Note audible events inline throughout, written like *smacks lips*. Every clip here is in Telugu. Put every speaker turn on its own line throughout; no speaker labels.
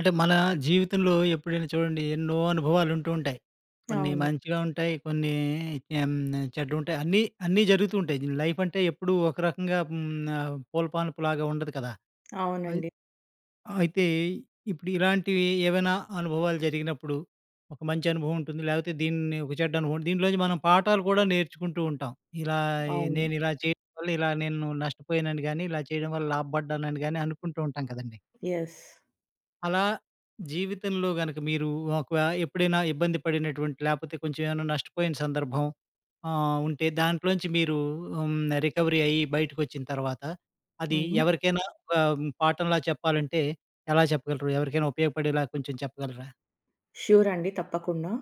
అంటే, మన జీవితంలో ఎప్పుడైనా చూడండి ఎన్నో అనుభవాలు ఉంటూ, ఉంటాయి. కొన్ని
అవును.
మంచిగా ఉంటాయి, కొన్ని ఎం చెడ్డగా ఉంటాయి. అన్నీ, అన్నీ జరుగుతూ ఉంటాయి. దిని లైఫ్ అంటే ఎప్పుడూ ఒక రకంగా హ్మ్, ఆహ్, పూలపనపులాగా ఉండదు కదా! అయ్
అవునండి.
అయితే, ఇప్పుడు ఇలాంటివి ఏవైనా అనుభవాలు జరిగినప్పుడు, ఒక మంచి అనుభవం ఉంటుంది. లేకపోతే, దీన్ని ఒక చెడ్డ అనుభవం. దీనిలోంచి మనం పాఠాలు కూడా నేర్చుకుంటూ ఉంటాం. ఇలా, ఆహ్,
అవును.
నేను ఇలా చేయడం వల్ల ఇలా నేను నష్టపోయానని, గానీ ఇలా చేయడం వల్ల లాభపడ్డానని గానీ అనుకుంటూ ఉంటాం కదండీ.
ఎస్.
అలా, జీవితంలో గనక మీరు ఒక వ ఎప్పుడైనా, ఇబ్బంది పడినటువంటి, లేకపోతే కొంచెం ఏమైనా నష్టపోయిన సందర్భం, ఆహ్, ఉంటే దాంట్లోంచి మీరు హ్మ్, రికవరీ అయ్యి, బయటకి వచ్చిన తర్వాత అది
హ్మ్.
ఎవరికైనా ఆహ్, పాఠంలా చెప్పాలంటే, ఎలా చెప్పగలరు? ఎవరికైనా ఉపయోగపడేలా కొంచెం చెప్పగలరా?
షూరండి. తప్పకుండా.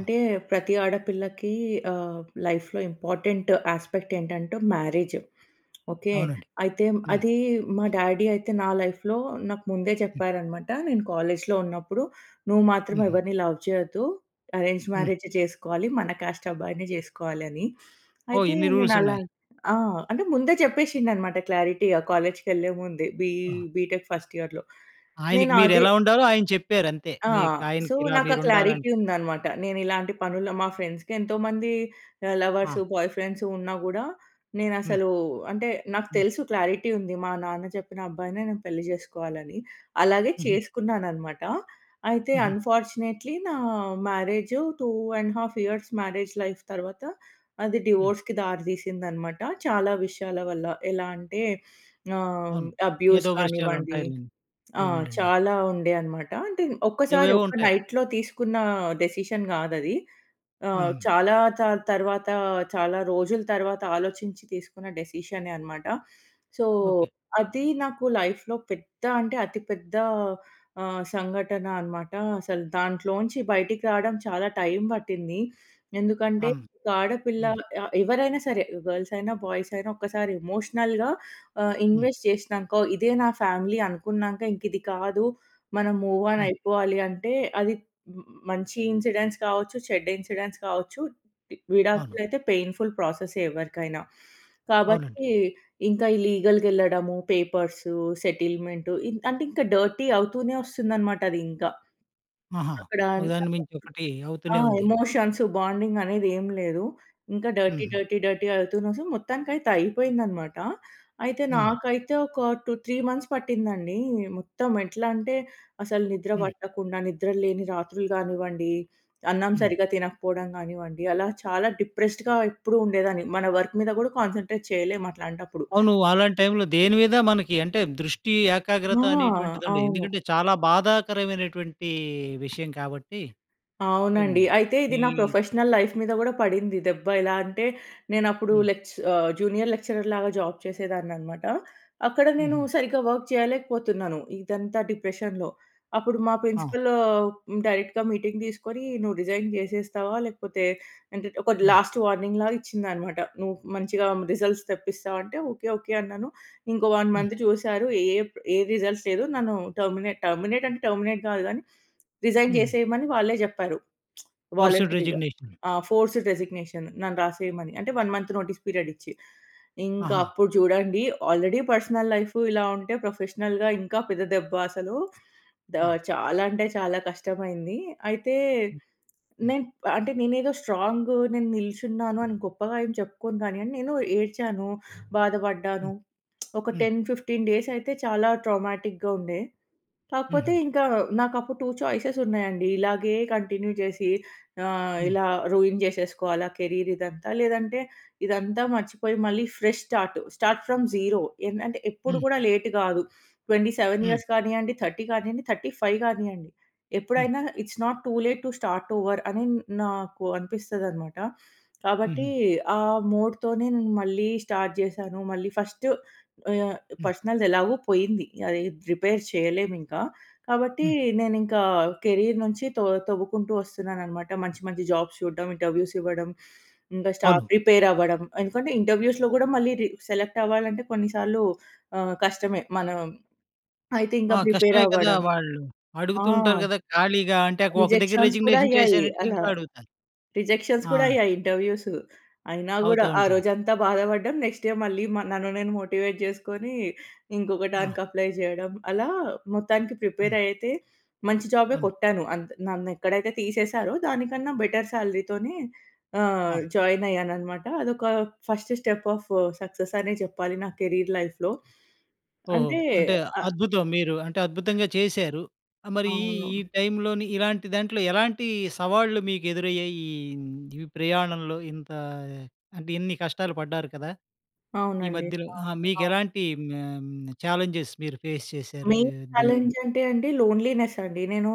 ఆ!
ప్రతి ఆడపిల్లకి ఆహ్, లైఫ్‌లో ఇంపార్టెంట్ యాస్పెక్ట్ ఏంటంటే, మ్యారేజ్. ఓకె,
అవునండి.
అయితే
హ్మ్.
అది మా డ్యాడీ అయితే నా లైఫ్‌లో నాకు ముందే
హ్మ్.
చెప్పారనమాట, నేను కాలేజ్‌లో ఉన్నప్పుడు. "నువ్వు మాత్రం
హుహు.
ఎవరిని లవ్ చేయొద్దు, అరేంజ్డ్
హ్మ్.
మ్యారేజే చేసుకోవాలి, మన కాస్ట్ అబ్బాయిననే జేసుకోవాలి" అని.
ఓహ్!
అయితే,
ఇన్ని
నేను అలా
రూల్సున్నాయి.
ఆ! అంటే, ముందే చెప్పేసిండన్నమాట క్లారిటీగా, కాలేజ్‌కేళ్ళే ముందే, బీ
ఆ!
బీటెక్ ఫర్స్ట్ ఇయర్‌లో.
ఆయనకి
నేను
మీరు
అదే
ఎలా ఉండాలో, ఆయన చెప్పారు అంతే.
ఆ!
మీకు
సో,
ఆయనకి ఇలా
నాకు ఆ
మీరు ఉండాలని
క్లారిటీ ఉందనమాట. నేను ఇలాంటి పనుల మా ఫ్రెండ్స్‌కి ఎంతోమంది ఆహ్,
ఆ!
లవర్సు, బాయ్ ఫ్రెండ్సు ఉన్నా గూడా, నేను
హ్మ్.
అసలు అంటే, నాకు
హ్మ్.
తెలుసు క్లారిటీ ఉంది. మా నాన్న చెప్పిన అబ్బాయినే నేను పెళ్లి చేసుకోవాలని. అలాగే
హుహు.
చేసుకున్నాననమాట. అయితే,
హుహు.
అన్ఫార్చునేట్‌లీ నా మ్యారేజ్ 2 ½ ఇయర్స్ మ్యారేజ్ లైఫ్ తర్వాత, అది
హ్మ్.
డివోర్స్‌‌కి దారితీసిందనమాట. చాలా విషయాల వల్ల, ఎలా అంటే ఆహ్,
అవును.
అబ్యూస్
ఏదో విషయాలు
కానివ్వండి
ఉంటాయి లెండి.
ఆహ్,
అవునులెండి.
చాలా ఉండే అనమాట. అంటే, ఒక్కసారి
ఏవేవో
ఒక
ఉంటాయి.
నైట్‌లో తీసుకున్న డెసిషన్ కాదది. ఆహ్,
హ్మ్.
చాలా చాల్ తర్వాత, చాలా రోజుల తర్వాత ఆలోచించి, తీసుకున్న డిసిషనే అనమాట. So,
okay.
అది నాకు లైఫ్‌లో పెద్ద అంటే, అతి పెద్ద ఆహ్, సంఘటన అనమాట. అసలు దాంట్లోంచి బయటికి రావడం చాలా టైమ్ పట్టింది. ఎందుకంటే,
అమ్
ఒక ఆడపిల్ల
హ్మ్.
ఆహ్ ఎవరైనా సరే గర్ల్స్ అయినా, బాయ్స్ అయినా ఒక్కసారి ఎమోషనల్‌గా ఆహ్,
హ్మ్.
ఇన్వెస్ట్ చేసినాక, ఇదే నా ఫ్యామిలీ అనుకున్నాక, ఇంక ఇది కాదు, మనం మూవ్ ఆన్
హ్మ్.
అయిపోవాలి అంటే, అది మ్ మంచి ఇన్సిడెంట్స్ కావచ్చు, చెడ్డ ఇన్సిడెంట్స్ కావచ్చు, వి
అవును.
విడాకులైతే పెయిన్ఫుల్ ప్రాసెసే ఎవరికైనా.
అవునండి.
కాబట్టి, ఇంకా ఈ లీగల్‌గెళ్ళడము, పేపర్సు సెటిల్మెంట్ ఇ అంటే, ఇంకా డర్టీ అవుతూనే వస్తుందనమాట అది ఇంకా.
ఆహా!
అక్కడ
ఒకదాన్ని
*unintelligible*
మించి ఒకటి,
ఆ!
అవుతూనే ఉంది.
ఎమోషన్స్, బాండింగనేది ఏమి లేదు. ఇంకా డర్టీ,
హుహు.
డర్టీ, డర్టీ అవుతునే సొ, మొత్తానికైతే, అయిపోయిందనమాట. అయితే,
హ్మ్.
నాకైతే ఒక టూ 3 మంత్స్ పట్టిందండి. మొత్తం ఎట్లా అంటే, అసలు నిద్ర
హ్మ్.
పట్టకుండా, నిద్రలేని రాత్రులు గానివ్వండి, అన్నం
హ్మ్.
సరిగ్గా తినకపోవడం గానివ్వండి, అలా చాలా డిప్రెస్డ్‌గా ఎప్పుడూ ఉండేదాన్ని. మన వర్క్ మీద కూడా కాన్సంట్రేట్ చేయలేము అట్లాంటప్పుడు.
అవును. అలాంటి టైమ్‌లో దేని మీద మనకి అంటే, దృష్టి,
ఆ!
ఏకాగ్రత అనేటువంటిదండి.
అవును.
ఎందుకంటే, చాలా బాధాకరమైనటువంటి విషయం కాబట్టి. హ్మ్.
అవునండి. అయితే, ఇది నా
విల్
ప్రొఫెషనల్ లైఫ్ మీద కూడా పడింది దెబ్బ. ఇలా అంటే, నేను అప్పుడు
హ్మ్.
లేచ్ ఆహ్, జూనియర్ లెక్చరర్ లాగా జాబ్ చేసేదాన్ననమాట. అక్కడ నేను
హుహు.
సరిగ్గా వర్క్ చేయలేకపోతున్నాను. ఇదంతా డిప్రెషన్‌లో. అప్పుడు మా
ఆ!
ప్రిన్సిపల్ ఆహ్, డైరెక్ట్‌గా మీటింగ్ తీసుకొని, నువ్వు రిజైన్ జేసేస్తావా, లేకపోతే అంటే, ఒక
హ్మ్.
లాస్ట్ వార్నింగ్ లాగా ఇచ్చిందనమాట. నువ్వు మంచిగా రిజల్ట్స్ తెప్పిస్తావా? అంటే, ఓకె, ఓకె అన్నాను. ఇంకో 1
హ్మ్.
మంత్ చూసారు. ఏప్ ఏ రిజల్ట్స్ లేదు. నన్ను టెర్మినేట్ టెర్మినేట్ అంటే, టెర్మినేట్ కాదు గానీ, రిజైన్
హుహు.
జేసేయమని వాళ్ళే చెప్పారు.
ఫోర్స్డ్
*smacks lips* వాలంటరీగా
రెసిగ్నేషన్.
ఆ! ఫోర్స్డ్ రెసిగ్నేషన్ నన్ను రాసేయమని. అంటే 1 మంత్ నోటీస్ పీరియడ్ ఇచ్చి. ఇంకా
ఆహా!
అప్పుడు చూడండి, ఆల్రెడీ పర్సనల్ లైఫ్ ఇలా ఉంటే, ప్రొఫెషనల్‌గా ఇంకా పెద్ద దెబ్బ అసలు. ద
ఆ!
చాలా అంటే చాలా కష్టమైంది. అయితే,
హ్మ్.
నేన్ అంటే నేనేదో స్ట్రాంగు నేను నిల్చున్నాను, అని గొప్పగా ఏం చెప్పుకోను గానియండి, నేను ఏడ్చాను,
హ్మ్,
బాధపడ్డాను ఒక *smacks lips*
హ్మ్.
10, 15 డేస్ అయితే చాలా ట్రామాటిక్‌గా ఉండే. కాకపోతే
హుహు.
ఇంకా, నాకు అప్పుడు 2 చాయిసెస్ ఉన్నాయండి. ఇలాగే కంటిన్యూ చేసి ఆహ్,
హ్మ్.
ఇలా రూయిన్ చేసేసుకోవాల కెరీర్ ఇదంతా, లేదంటే, ఇదంతా మర్చిపోయి మళ్ళీ fresh start. Start from zero. ఎన్ అంటే ఎప్పుడు
హ్మ్.
కూడా లేట్ కాదు. 27
హ్మ్.
ఇయర్స్ కానియండి, 30 కానియండి, 35 కానియండి
హ్మ్.
ఎప్పుడైనా, it's not too late to start over. అనే నాకు అనిపిస్తది అనమాట. కాబట్టి,
హుహు.
ఆ మూడ్‌తోనే నేను మళ్ళీ స్టార్ట్ జేశాను. మళ్ళీ ఫస్ట్ ఆహ్,
హ్మ్.
పర్సనల్‌దెలాగో పోయింది. అది రిపేర్ చేయలేము ఇంకా. కాబట్టి,
హ్మ్.
నేనింక కెరీర్ నుంచి తో తోవ్వుకుంటూ వస్తున్నాననమాట. మంచి, మంచి జాబ్స్ చూడ్డం, ఇంటర్వ్యూస్ ఇవ్వడం, ఇంకా స్టా
అవును.
ప్రిపేర్ అవ్వడం. ఎందుకంటే ఇంటర్వ్యూస్‌లో కూడా, మళ్ళీ రి సెలెక్ట్ అవ్వాలంటే కొన్నిసార్లు ఆహ్, కష్టమే. మనం అయితే ఇంకా
ఆ!
ప్రిపేర్
కష్టమే కదా!
అవ్వడం.
వాళ్ళు,
ఆ!
అడుగుతూ ఉంటారు గదా! ఖాళీగా అంటే ఒక దగ్గర
రిజెక్షన్స్ కూడా
రిజిగ్నేషన్
అయ్యాయి
చేశానంటే,
అలా.
ఇంకా అడుగుతారు.
రిజెక్షన్స్
ఆ!
కూడా అయ్యాయి ఇంటర్వ్యూస్సు. అయినా కూడా,
అవుతా
ఆ
ఉంటాయి.
రోజంతా బాధపడ్డం. నెక్స్ట్ డే మళ్ళీ మ నన్ను నేను మోటివేట్ జేసుకొని, ఇంకొక
ఆ!
దానికి అప్లై చేయడం. అలా మొత్తానికి ప్రిపేర్
హ్మ్.
అయితే, మంచి జాబే
అవును.
కొట్టాను. అంద్ నన్నేక్కడైతే తీసేశారో దానికన్నా బెటర్ శాలరీతోనే ఆహ్,
ఆ!
జాయినయ్యానన్నమాట. అదొక ఫస్ట్ స్టెప్ ఆఫ్ సక్సెస్ అనే చెప్పాలి నా కెరీర్ లైఫ్‌లో.
ఓహో!
అంటే.
అంటే
ఆహ్
అద్భుతం! మీరు అంటే అద్భుతంగా చేశారు. ఆహ్, మరి ఈ
అవును.
టైంలోని ఇలాంటి దాంట్లో, ఎలాంటి సవాళ్లు మీకు ఎదురయ్యాయి? ఈ హ్మ్, ఈ ప్రయాణంలో ఇంత అంటే, ఇన్ని కష్టాలు పడ్డారు కదా! ఈ
అవునండి.
మధ్యలో
ఆ!
ఆ! మీకు
ఆ!
ఎలాంటి ఆహ్, హ్మ్, ఛాలెంజెస్ మీరు ఫేస్ చేశారు
మెయిన్
ఆహ్, దీం
చాలెంజ్ అంటే అండి, లోన్లీనెస్సండి. నేను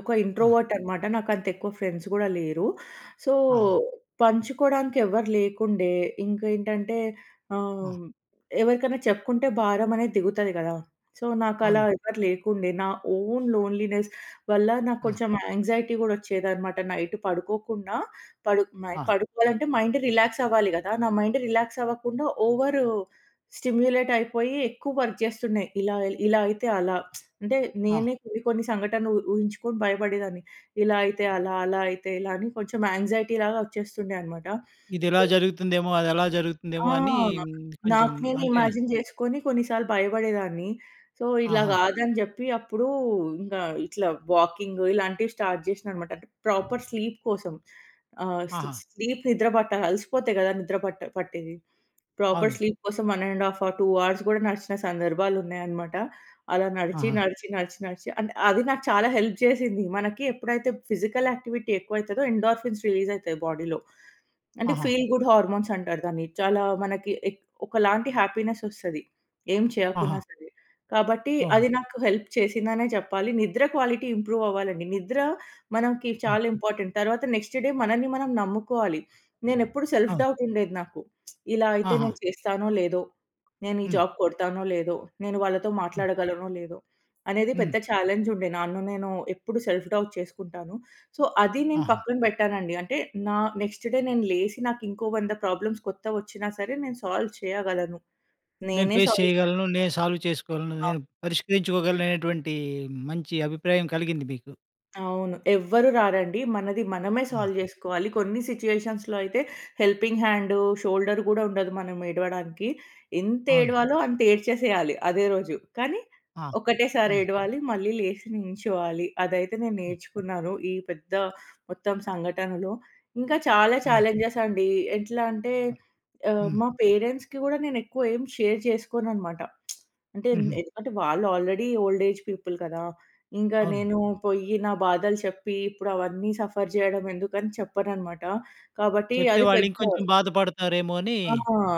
ఒక
ఆ!
ఇంట్రోవర్టనమాట. నాకు అంత ఎక్కువ ఫ్రెండ్స్ కూడా లేరు. సో,
ఆహా!
పంచుకోవడానికి ఎవ్వరు లేకుండే. ఇంకేంటంటే,
ఆ!
ఆహ్, ఎవరికైనా చెప్పుకుంటే భారం అనేది దిగుతాది గాదా! సో, నాకు అలా
అవును.
ఎవరు లేకుండే. నా ఓన్ లోన్లీనెస్ వల్ల, నాకు
ఆ!
కొంచెం యాంగ్జైటీ కూడా వచ్చేదనమాట. నైట్ పడుకోకుండా పడు నై
ఆ!
పడుకోవాలంటే, మైండ్ రిలాక్స్ అవ్వాలి గదా! నా మైండ్ రిలాక్స్ అవ్వకుండా, ఓవర్ స్టిమ్యులేట్ అయిపోయి, ఎక్కువ వర్క్ చేస్తుండే. ఇలా ఇలా అయితే, అలా *smacks lips* అంటే,
ఆ!
నేనే కొన్ని, కొన్ని సంఘటనలు ఉ- ఊహించుకొని భయపడేదాన్ని. ఇలా అయితే అలా, అలా అయితే ఇలా అని కొంచెం యాంక్సైటీ లాగా వచ్చేస్తుండే అన్నమాట.
ఇదెలా
సొ
జరుగుతుందేమో, అది అలా
ఆ!
జరుగుతుందేమో అని
నాక్
కొంచెం
నాకు నేను
అంటే
ఇమాజిన్ చేసుకొని కొన్నిసార్లు భయపడేదాన్ని. సో, ఇలా
ఆహా!
కాదని జెప్పి, అప్పుడు ఇంకా ఇట్లా, వాకింగు ఇలాంటివి స్టార్ట్ చేసినా అనమాట. అంటే ప్రాపర్ స్లీప్ కోసం. ఆహ్, స్లీ
ఆహా!
స్లీప్ నిద్ర పట్టా అలసిపోతే కదా! నిద్ర పట్ట పట్టేది. ప్రాపర్
అవును.
స్లీప్ కోసం 1 ½ అవర్, 2 అవర్స్ కూడా నడిచిన సందర్భాలున్నాయన్నమాట. అలా నడిచి,
ఆహా!
నడిచి, నడిచి, నడిచి అంటే, అది నాకు చాలా హెల్ప్ చేసింది. మనకి ఎప్పుడైతే ఫిజికల్ యాక్టివిటీ ఎక్కువ అయితదో ఎండార్ఫిన్స్ రిలీజ్ అయితాయి బాడీలో. అంటే
ఆహా!
ఫీల్ గుడ్ హార్మోన్స్ అంటారు దాన్ని. చాలా మనకి ఎక్ ఒకలాంటి హ్యాపీనెస్ వస్తది. ఏం చేయకున్నా
ఆహా!
సరే. కాబట్టి
ఓహ్!
అది నాకు హెల్ప్ చేసిందనే చెప్పాలి. నిద్ర క్వాలిటీ ఇంప్రూవ్ అవ్వాలండి. నిద్ర మనకి
హ్మ్.
చాలా ఇంపార్టెంట్. తర్వాత, నెక్స్ట్ డే మనల్ని మనం నమ్ముకోవాలి. నేనెప్పుడు సెల్ఫ్
అవును.
డౌట్ ఉండేది నాకు. *smacks lips* ఇలా అయితే
ఆహా!
నేను చేస్తానో లేదో, నేను ఈ
హ్మ్.
జాబ్ కొడతానో లేదో, నేను వాళ్ళతో
హ్మ్.
మాట్లాడగలనో లేదో, అనేది
హ్మ్.
పెద్ద చాలెంజ్ ఉండే. నన్ను నేను ఎప్పుడు సెల్ఫ్ డౌట్ చేసుకుంటాను. సో, అది నేను
ఆహా!
పక్కన పెట్టానండి. అంటే, నా నెక్స్ట్ డే నేను లేసి నాకు ఇంకో 100 ప్రాబ్లమ్స్ కొత్తగా వచ్చినా సరే, నేను సాల్వ్ చేయగలను.
నేను
నేనే
ఫేస్
సాల్వ్. చే
చేయగలను, నేను సాల్వ్ చేసుకోగలను,
ఆ!
నేను పరిష్కరించుకోగలను అనేటువంటి మంచి అభిప్రాయం కలిగింది మీకు.
అవును. ఎవ్వరు రారండి. మనది మనమే
హ్మ్.
సాల్వ్ చేసుకోవాలి. కొన్ని సిట్యుయేషన్స్‌లో అయితే హెల్పింగ్ హ్యాండు, షోల్డరు గూడా ఉండదు మనం ఏడవడానికి. ఎంత
అవును.
ఏడవాలో అంత ఏడ్చేసేయాలి అదే రోజు. కానీ
ఆహ్!
ఒకటేసారి
హ్మ్.
ఏడవాలి. మళ్ళీ లేసి నించోవాలి. అదైతే నేను
హ్మ్.
నేర్చుకున్నాను ఈ పెద్ద మొత్తం సంఘటనలో. ఇంకా చాలా
అవును.
ఛాలెంజెస్ అండి. ఎట్లా అంటే
హ్మ్.
ఆహ్,
హ్మ్.
మా పేరెంట్స్‌కి గూడా నేను ఎక్కువ ఏమి షేర్ చేసుకోననమాట. *smacks lips* అంటే ఎం
హుహు.
ఎందుకంటే వాళ్ళు ఆల్రెడీ ఓల్డ్ ఏజ్ పీపుల్ కదా! ఇంకా
అవును.
నేను పోయ్యి నా బాధలు చెప్పి ఇప్పుడు అవన్నీ సఫర్ చేయడం ఎందుకని చెప్పననమాట. కాబట్టి
చెప్తే
అది
వాళ్ళు
పెద్ద
ఇంకొంచెం బాధపడతారేమో అని.
ఆ!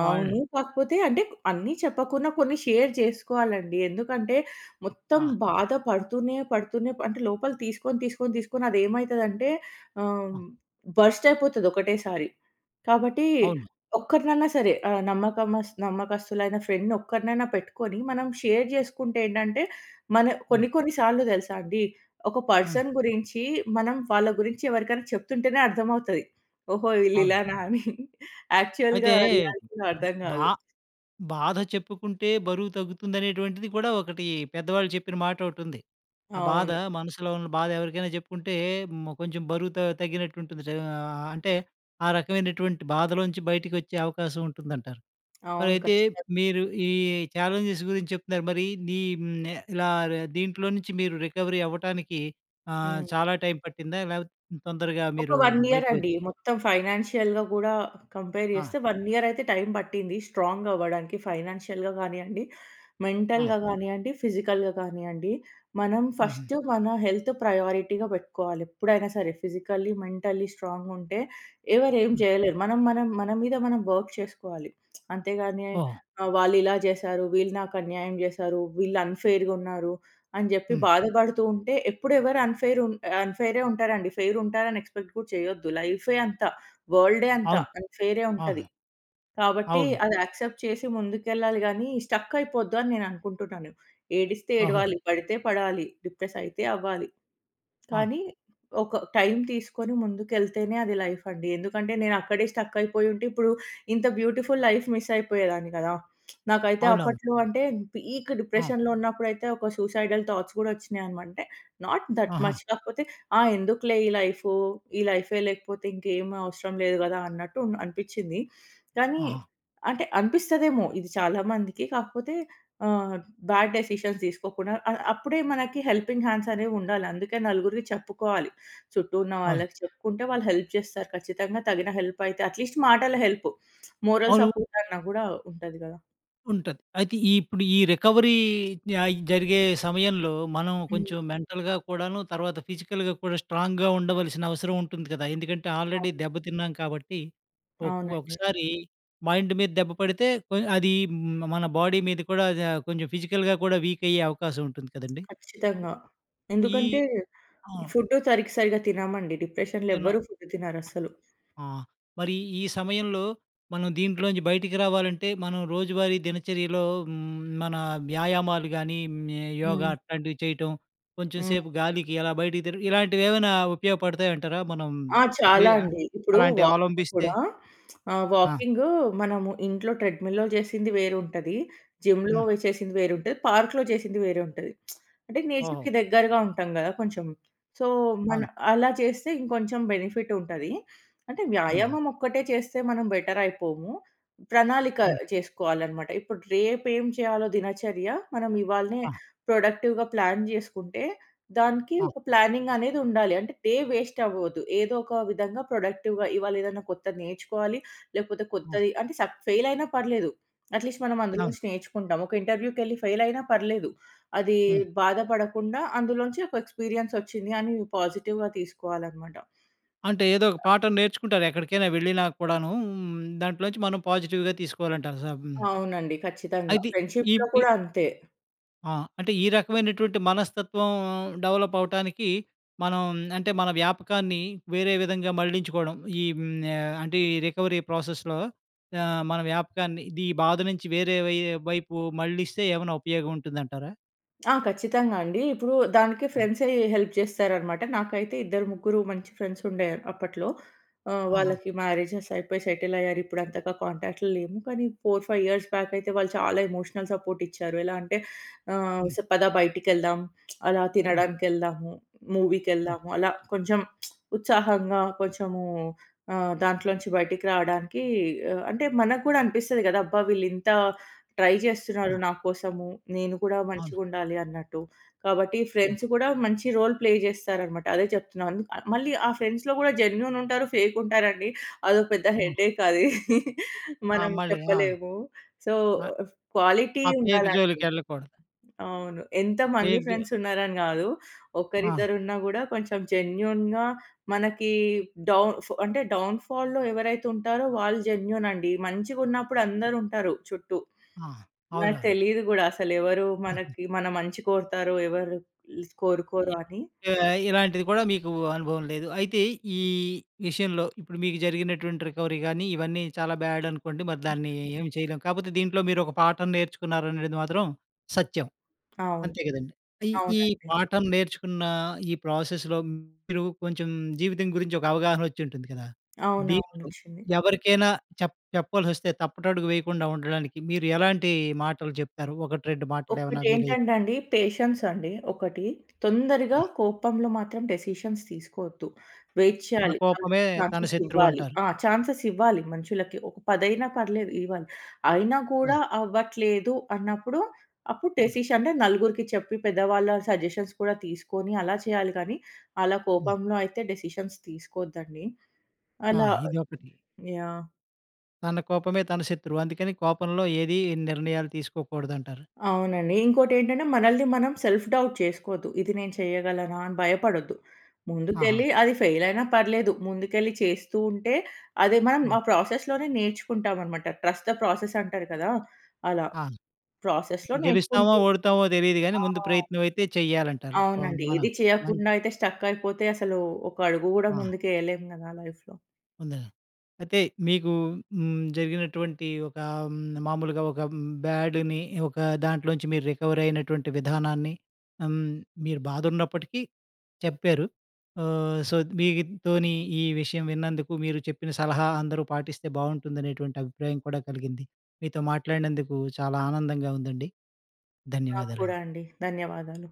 వాళ్
అవును. కాకపోతే అంటే అన్నీ చెప్పకున్నా కొన్ని షేర్ చేసుకోవాలండి. ఎందుకంటే, మొత్తం
ఆ!
బాధ పడుతూనే, పడుతూనే అంటే లోపల తీసుకొని, తీసుకొని, తీసుకొని అది ఏమైతుందంటే ఆహ్,
ఆ!
బరస్ట్ అయిపోతది ఒకటేసారి. కాబట్టి
అవును.
ఒక్కరినన్నా సరే ఆహ్, నమ్మకమస్ నమ్మకస్తులైన ఫ్రెండ్‌ని ఒక్కరినైనా పెట్టుకొని మనం షేర్ చేసుకుంటే ఏంటంటే మన
హ్మ్.
కొన్ని, కొన్ని సార్లు తెలుసా అండి, ఒక
హ్మ్.
పర్సన్ గురించి మనం వాళ్ళ గురించి ఎవరికైనా చెప్తుంటేనే అర్థమవుతది. ఓహో! వీళ్ళు
అవును.
ఇలానా అని.
అయితే
యాక్చువల్‌గా రియాలిటీలో అర్థం
బా
కాదు.
బాధ చెప్పుకుంటే బరువు తగ్గుతుందనేటువంటిది కూడా ఒకటి పెద్దవాళ్ళు చెప్పిన మాటొకటి ఉంది. ఆ బాధ
అవును.
మనసులో ఉన్న బాధ ఎవరికైనా చెప్పుకుంటే మో కొంచెం బరువు త తగ్గినట్టు ఉంటుంది. అంటే ఆ రకమైనటువంటి బాధలో నుంచి బయటికి వచ్చే అవకాశం ఉంటుందంటారు. మరి
అవును
అయితే
ఖచ్చితంగా.
మీరు ఈ ఛాలెంజెస్ గురించి చెప్తున్నారు. మరి నీ హ్మ్. ఇలా దీంట్లో నుంచి మీరు రికవరీ అవ్వటానికి ఆహ్,
హ్మ్.
చాలా టైమ్ పట్టిందా? లేకపోతే తొందరగా
ఒక
మీరు
వన్ ఇయర్
బయటకొచ్చ్
అండి. మొత్తం ఫైనాన్షియల్‌గా కూడా కంపేర్
ఆ!
చేస్తే వన్ ఇయర్ అయితే టైమ్ పట్టింది స్ట్రాంగ్ అవ్వడానికి. ఫైనాన్షియల్‌గా కానియ్యండి.
ఆ!
మెంటల్‌గా కానియ్యండి. ఫిజికల్‌గా కానియ్యండి. మనం
హుహు.
ఫస్టు మన హెల్త్ ప్రయారిటీగా పెట్టుకోవాలి ఎప్పుడైనా సరే. ఫిజికల్లి, మెంటల్లి స్ట్రాంగ్‌గా ఉంటే ఎవరు ఏమి
హ్మ్.
చేయలేరు. మనం, మనం మన మీద మనం వర్క్ చేసుకోవాలి. అంతేగాని
ఓహ్!
ఆహ్, వాళ్ళు ఇలా చేశారు. వీళ్ళు నాకు అన్యాయం చేశారు. వీళ్ళు అన్‌ఫెయిర్‌గా ఉన్నారు. అని చెప్పి
హ్మ్.
బాధపడుతూ ఉంటే ఎప్పుడు ఎవరు అన్‌ఫెయిర్ ఉన్ అన్‌ఫెయిరే ఉంటారండి. ఫెయిర్ ఉంటారని ఎక్స్‌పెక్ట్ కూడా చేయొద్దు. లైఫే అంత. వర‌ల్డె అంత.
అవును.
అన్‌ఫెయిరె
ఆ!
ఉంటది. కాబట్టి
అవును.
అది యాక్సెప్ట్ చేసి ముందుకెళ్లాలి గానీ, స్టక్కైపోద్దు అని నేను అనుకుంటున్నాను. ఏడిస్తే
ఓహో!
ఏడవాలి. పడితే పడాలి. డిప్రెస్ అయితే అవ్వాలి.
ఆ!
కానీ ఒక టైమ్ తీసుకొని ముందుకెళ్తేనే అది లైఫ్ అండి. ఎందుకంటే, నేను అక్కడే స్టక్ అయిపోయి ఉంటే ఇప్పుడు ఇంత బ్యూటిఫుల్ లైఫ్ మిస్ అయిపోయేదాన్ని గదా! నాకైతే
అవునవును.
అప్పట్లో అంటే పీక్
ఆ!
డిప్రెషన్‌లో ఉన్నప్పుడైతే ఒక సూసైడల్ థాట్స్ గూడా వచ్చినాయి అనమంటే నాట్ దట్
ఆహా!
మచ్. కాకపోతే ఆ ఎందుకులే ఈ లైఫు, ఈ లైఫే లేకపోతే ఇంకేమి అవసరం లేదు గదా అన్నట్టు ఉన్ అనిపించింది. కానీ
ఆహా!
అంటే అనిపిస్తదేమో ఇది చాలా మందికి. కాకపోతే ఆహ్, బ్యాడ్ డెసిషన్ తీసుకోకుండా ఆహ్, అప్పుడే మనకి హెల్పింగ్ హ్యాండ్స్ అనేవి ఉండాలి. అందుకే నలుగురికి చెప్పుకోవాలి. చుట్టూ ఉన్న
అవును.
వాళ్ళకి చెప్పుకుంటే వాళ్ళు హెల్ప్ చేస్తారు. ఖచ్చితంగా తగిన హెల్ప్ అయితే అట్‌లీస్ట్ మాటల హెల్ప్. మోరల్
అవును.
సపోర్ట్ అన్నా గూడా ఉంటది గదా!
ఉంటది. అయితే, ఈ ఇప్పుడు ఈ రికవరీ య జరిగే సమయంలో, మనం
హ్మ్.
కొంచెం మెంటల్‌గా కూడాను, తర్వాత ఫిజికల్‌గా కూడా, స్ట్రాంగ్‌గా ఉండవలసిన అవసరం ఉంటుంది గదా! ఎందుకంటే, ఆల్రెడీ
అవును.
దెబ్బ తిన్నాం కాబట్టి, ఒక్
అవునండి.
ఒకసారి మైండ్ మీద దెబ్బ పడితే, కొ అది మ మన బాడీ మీద కూడా, అదా కొంచెం ఫిజికల్‌గా కూడా వీక్ అయ్యే అవకాశం ఉంటుంది కదండీ!
ఖచ్చితంగా!
ఈ
ఎందుకంటే,
ఆ!
ఫుడ్డు సరికి సరిగ్గా తినమండి డిప్రెషన్‌లో
నేను
ఎవరు ఫుడ్ తినరు అసలు.
ఆ! మరి ఈ సమయంలో, మనం దీంట్లో నుంచి బయటికి రావాలంటే, మనం రోజువారీ దినచర్యలో హ్మ్, మన వ్యాయామాలు గానీ, హ్మ్, యోగా
హ్మ్.
అట్లాంటివి చేయటం. కొంచెం
హ్మ్.
సేపు గాలికి, అలా బయటకి తిరగడం. ఇలాంటివి, ఏమైనా ఉపయోగపడతాయి అంటారా? మనం
ఆ!
ఎ
చాలా
అ
అండి. ఇప్పుడు,
అలాంటివి అవలంభిస్తే?
కూడా, *smacks lips* ఆహ్,
ఆ!
వాకింగు మనము ఇంట్లో, ట్రెడ్‌ మిల్‌‌లో చేసింది వేరు ఉంటది. జిమ్‌లో
హ్మ్.
చేసింది వేరు ఉంటది. పార్క్‌లో చేసింది వేరే ఉంటది. *smacks lips* అంటే,
ఓహో!
నేచర్‌కి దగ్గరగా ఉంటాం గదా! కొంచెం. సో, మన
అవును.
అలా చేస్తే, ఇంకొంచెం బెనిఫిట్ ఉంటది. అంటే,
హుహు.
వ్యాయామం ఒక్కటే చేస్తే, మనం బెటర్ అయిపోము. ప్రణాళిక
హ్మ్.
చేసుకోవాలనమాట. ఇప్పుడు, రేపేం చేయాలో! దినచర్య, మనం ఇవాళనే
ఆ!
ప్రొడక్టివ్‌గా ప్లాన్ చేసుకుంటే, దానికి
ఆ!
ఒక ప్లానింగ్ అనేది ఉండాలి. అంటే, డే వేస్ట్ అవ్వద్దు. ఏదో ఒక విధంగా ప్రొడక్టివ్‌గా ఇవాళ ఏదైనా కొత్తది నేర్చుకోవాలి, లేకపోతే
ఆ!
కొత్తది అంటే, సక్ ఫెయిల్ అయినా పర్లేదు. అట్‌లీస్ట్ మనం అందులో
అవును.
నుంచి, నేర్చుకుంటాం. ఒక ఇంటర్వ్యూకెళ్ళి ఫెయిల్ అయినా పర్లేదు. అది
హ్మ్.
బాధపడకుండా అందులోంచి ఒక ఎక్స్పీరియన్స్ వచ్చింది అని పాజిటివ్‌గా తీసుకోవాలనమాట.
అంటే, ఏదో ఒక పాఠం నేర్చుకుంటారు, ఎక్కడికైనా వెళ్ళినా కూడానూ, దాంట్లో నుంచి మనం పాజిటివ్‌గా తీసుకోవాలంటార సం
అవునండి. ఖచ్చితంగా.
అయితే, ఈ
ఫ్రెండ్షీప్‌లో
వి
కూడా అంతే.
ఆ! అంటే ఈ రకమైనటువంటి మనస్తత్వం డెవలప్ అవ్వటానికి మనం అంటే, మన వ్యాపకాన్ని వేరే విధంగా మళ్లించుకోవడం. ఈ ఆహ్, అంటే ఈ రికవరీ ప్రాసెస్‌లో ఆహ్, మన వ్యాపకాన్ని ఇది బాధ నుంచి వేరే వై వైపు మళ్లిస్తే ఏమన్నా ఉపయోగం ఉంటుందంటారా?
ఆ! ఖచ్చితంగా అండి. ఇప్పుడు దానికి
అ!
ఫ్రెండ్సే హెల్ప్ చేస్తారనమాట. నాకైతే ఇద్దరు, ముగ్గురు మంచి ఫ్రెండ్స్ ఉండే అప్పట్లో. ఆహ్,
ఆహా!
వాళ్ళకి మ్యారేజెస్ అయిపోయి సెటిల్ అయ్యారు. ఇప్పుడు అంతగా కాంటాక్ట్‌లో లేము. కానీ 4, 5 ఇయర్స్ బ్యాక్ అయితే వాళ్ళు చాలా ఎమోషనల్ సపోర్ట్ ఇచ్చారు. ఎలా అంటే,
హ్మ్.
స ఆహ్, పద బయటికి వెళ్దాం, *smacks lips* అలా
హ్మ్.
తినడానికి వెళ్దాము,
హ్మ్.
మూవీకేళ్దాము. అలా కొంచెం *smacks lips* ఉత్సాహంగా, కొంచెము ఆహ్, దాంట్లోంచి బయటికి రావడానికి ఆహ్, అంటే, మనకుడా అనిపిస్తాది కదా! అబ్బా! వీళ్ళింత ట్రై చేస్తున్నారు,
ఆ!
నా కోసము. నేను కూడా
అవును.
మంచిగా ఉండాలి అన్నట్టు. కాబట్టి ఫ్రెండ్స్ కూడా మంచి రోల్ ప్లే చేస్తారనమాట, అదే చెప్తున్నాను. ఆహ్, మళ్ళీ ఆ ఫ్రెండ్స్‌లో కూడా జెన్యూన్ ఉంటారు, ఫేక్ ఉంటారండి. అదో పెద్ద
ఆ!
హెడేక్ అది. *chuckles*
ఆ!
మనం
మళ్ళీ. ఆ!
చెప్పలేము. సో,
ఆహ్,
క్వాలిటీ
ఆ ఫేక్
ఉండాలండి.
జోలికి వెళ్ళకూడదు.
అవును. ఎంతమంది
ఫేక్ జో
ఫ్రెండ్స్ ఉన్నారని కాదు.
ఆ!
ఒకరిద్దరు ఉన్నా కూడా కొంచెం జెన్యూన్‌గా మనకి డౌన్ ఫ్ అంటే, డౌన్ ఫాల్‌లో ఎవరైతే ఉంటారో వాళ్ళు జెన్యూన్ అండి. మంచిగా ఉన్నప్పుడు అందరూ ఉంటారు చుట్టూ.
ఆ!
నాకు
అవునవును.
తెలీదు కూడా, అసలు ఎవరు
ఆహా!
మనకి, మన మంచి కోరుతారో ఎవరు లిస్
ఎ
కోరుకోరో అని.
ఆహ్, ఇలాంటిది కూడా మీకు అనుభవం లేదు. అయితే ఈ విషయంలో, ఇప్పుడు మీకు జరిగినటువంటి రికవరీ కానీ ఇవన్నీ చాలా బ్యాడ్ అనుకోండి. మరి దాన్ని ఏం చేయలేం. కాకపోతే దీంట్లో మీరు ఒక పాఠం నేర్చుకున్నారనేది అనెడిదీ మాత్రం సత్యం.
అవును.
అంతే కదండీ. ఈ ఈ
అవునండి.
పాఠం నేర్చుకున్న ఈ ప్రాసెస్‌లో మీరు కొంచెం జీవితం గురించి ఒక అవగాహనోచ్చింటుంది కదా!
అవునవును.
దీంట్లో
వచ్చింది.
ఎవరికైనా చెప్ చెప్పాల్సి వస్తే, తప్పటడుగు వేయకుండా ఉండడానికి, మీరు ఎలాంటి మాటలు చెప్తారు. ఒకటి రెండు మాటలు ఏమైనా వీలై
ఒకటేంటంటే అండి. పేషెన్స్ అండి ఒకటి. తొందరగా
ఆ!
కోపంలో మాత్రం డేసిషన్స్ తీసుకోవద్దు. వెయిట్
"తన
చేయాలి. వాళ్ళకు
కోపమే తన
ఛాన్సెస్
శత్రువు"
ఇవ్వాలి.
అంటారు.
ఆ! ఛాన్సెస్ ఇవ్వాలి మనుషులకి. ఒక పదైనా పర్లేదు ఇవ్వాలి. అయినా కూడా
హ్మ్.
అవ్వట్లేదు అన్నప్పుడు, అప్పుడు
హ్మ్.
డేసిషన్స్ నలుగురికి చెప్పి, పెద్దవాళ్ళ సజెషన్స్ కూడా తీసుకొని, అలా చేయాలి కానీ. అలా
హ్మ్.
కోపంలో అయితే డేసిషన్స్ తీసుకోద్దండి
ఆ!
అలా
ఇదొకటి.
యాహ్!
తన కోపమే తన శత్రువు, అందుకని కోపంలో ఏది నిర్ణయాలు తీసుకోకూడదంటారు.
అవునండి. ఇంకోటి ఏంటంటే మనల్ని మనం సెల్ఫ్ డౌట్ చేసుకోవద్దు. ఇది నేను చేయగలనా అని భయపడొద్దు.
అహ!
ముందుకెళ్ళి అది ఫెయిల్ అయినా పర్లేదు. ముందుకెళ్ళి చేస్తూ ఉంటే, అది మనం
ఆ!
ఆ ప్రాసెస్‌లోనే నేర్చుకుంటామనమాట. ట్రస్ట్ ద ప్రాసెస్ అంటారు కదా! అలా
ఆ!
ప్రాసెస్‌లో
గెలుస్తామో,
నేర్చుకుంటూంటాం.
ఓడతామో తెలీదు కానీ
ఆ!
,ముందు ప్రయత్నం అయితే చేయాలంటారు. ఆహ్,
అవునండి.
మన
ఏది
మం
చేయకుండా అయితే స్ట్రక్ అయిపోతే అసలు ఒక అడుగు కూడా
ఆ!
ముందుకు వేయలేము కదా! లైఫ్‌లో
అంతేనన్ అయితే, మీకు హ్మ్, జరిగినటువంటి ఒక మామూలుగా, ఒక బ్యాడ్‌ని ఒక దాంట్లో నుంచి, మీరు రికవరీ అయినటువంటి విధానాన్ని, హ్మ్, మీరు బాధ ఉన్నప్పటికీ చెప్పారు. ఆహ్, సో, మీతోని ఈ విషయం విన్నందుకు, మీరు చెప్పిన సలహా అందరూ పాటిస్తే, బాగుంటుందనేటువంటి అభిప్రాయం కూడా కలిగింది. మీతో మాట్లాడినందుకు చాలా ఆనందంగా ఉందండి.
నాక్కూడా
ధన్యవాదాలండి.
అండి. ధన్యవాదాలు.